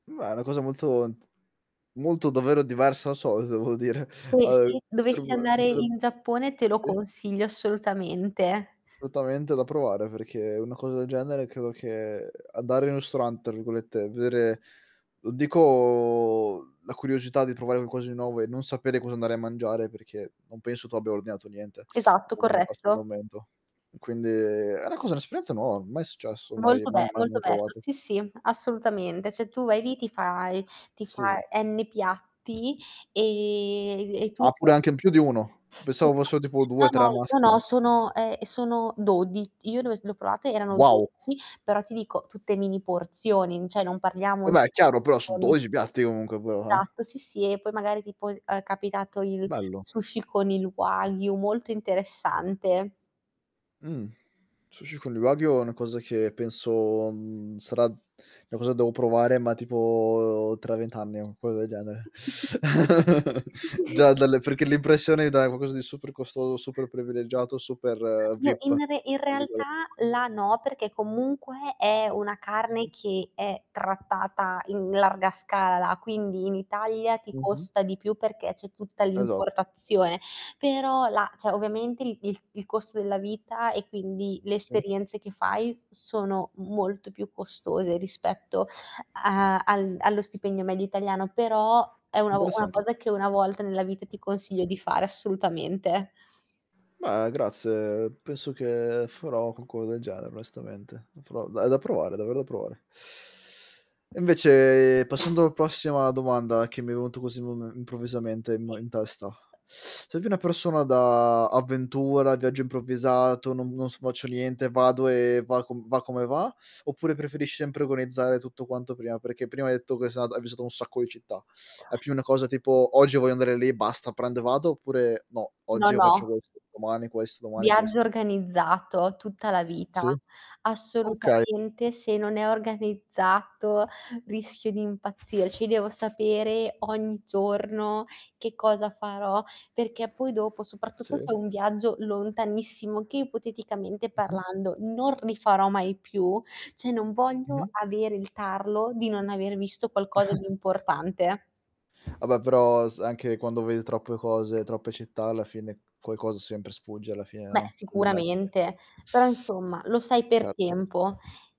Beh, è una cosa molto n t molto, davvero, diversa da solito, devo dire. [unintelligible] Ehm, se potrebb dovessi andare potre in Giappone te lo Sì. consiglio assolutamente. Assolutamente da provare perché una cosa genere credo che "andare in un ristorante" tra virgolette, vedere non dico la curiosità di provare qualcosa di nuovo e non sapere cosa andare a mangiare perché non penso tu abbia ordinato niente Esatto, corretto. [unintelligible] quindi era quasi un'esperienza nuova, mai successo, mai Molto be mai mai mai molto bello, provato. sì, sì, assolutamente. Cioè tu vai lì ti fai ti Sì, sì. fai n piatti e e tu Ah, pure [unintelligible] anche in più di 1, Sì. pensavo [unintelligible] fossero tipo No, due no. tre No, no. massimo. Sono ehm, sono dodi io dove s le ho provate erano Wow. 12, però ti dico tutte mini porzioni, cioè non parliamo Vabbè è chiaro, però su [unintelligible] 12 piatti comunque [unintelligible] Esatto, sì, sì, e poi magari tipo ehm, è capitato il Bello. sushi con il wagyu, molto interessante. Mh. Sushi con il wagyu è una cosa che penso, mhmm, sarà è una cosa che devo provare, ma tipo tra 20 anni o una cosa del genere. Già dalle perché l'impressione, dai, è qualcosa di super costoso, super privilegiato, super N "vip", tra in re in virgole realtà là no, perché comunque è una carne Sì. che è trattata in larga scala, quindi in Italia ti Mh-mh. costa di più perché c'è tutta Esatt l'importazione, però la cioè ovviamente il il il costo della vita, e quindi le Sì. esperienze che fai sono molto più costose rispetto a al allo stipendio medio italiano, però è una o una Interessante. cosa che 1 volta nella vita ti consiglio di fare assolutamente. Beh grazie, penso che farò qualco del genere onestamente. Da pro è da provare, è davvero da provare. E invece passando prossima domanda che mi è venuto così mome improvvisamente m Sì. in testa, sei più una persona da avventura, viaggio improvvisato, "Non non s faccio niente, vado e va com va come va", oppure preferisci sempre organizzare tutto quanto prima? Perché prima hai detto che s ata che hai visitato un sacco di città. È più una cosa tipo: "Oggi voglio andare lì, basta, prendo e vado", oppure: "No, io No, oggi io faccio no. questo, domani questo, domani Viaggio questo"? organizzato, tutta la vita. Sì. Okay. Assolutamente se non è organizzato rischio di impazzirci, devo sapere ogni giorno che cosa farò, perché poi dopo, Sì. soprattutto se è un Mh-mh. viaggio lontanissimo, che ipoteticamente parlando non rifarò mai più, cioè, non voglio Mh-mh. avere il tarlo di non aver visto qualcosa di importante. Vabbè, però s anche quando vedi troppe cose, troppe città, alla fine qualcosa sempre sfugge alla fine, Beh no, non è che sicuramente, però insomma, lo sai per Certo, certo. tempo.